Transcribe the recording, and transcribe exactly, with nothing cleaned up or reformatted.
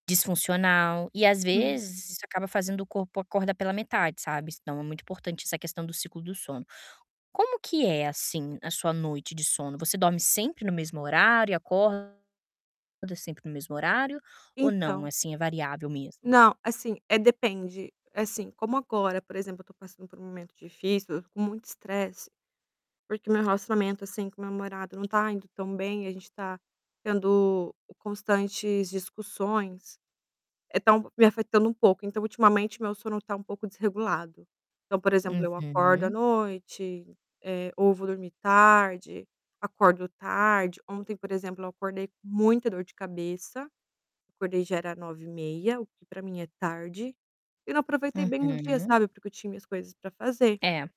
Disfuncional. E às Uhum. vezes isso acaba fazendo o corpo acorda pela metade, sabe. S então é muito importante essa questão do ciclo do sono. Como que é, assim, a sua noite de sono? Você dorme sempre no mesmo horário e acorda sempre no mesmo horário ou não, Então assim, é variável mesmo? Não, assim, eh, depende. Assim, como agora, por exemplo, eu tô passando por um momento difícil, com muito estresse, porque meu relacionamento, assim, com meu namorado não tá indo tão bem. A gente tá tendo constantes discussões, eh, tá me afetando um pouco. Então ultimamente meu sono tá um pouco desregulado. Então, por exemplo, eu acordo à Uhum. noite, eh, ou vou dormir tarde, acordo tarde. Ontem, por exemplo, eu acordei com muita dor de cabeça. Acordei já era nove e meia, o que pra mim é tarde. E não aproveitei bem o dia, Uhum. sabe, porque eu tinha minhas coisas pra fazer. É.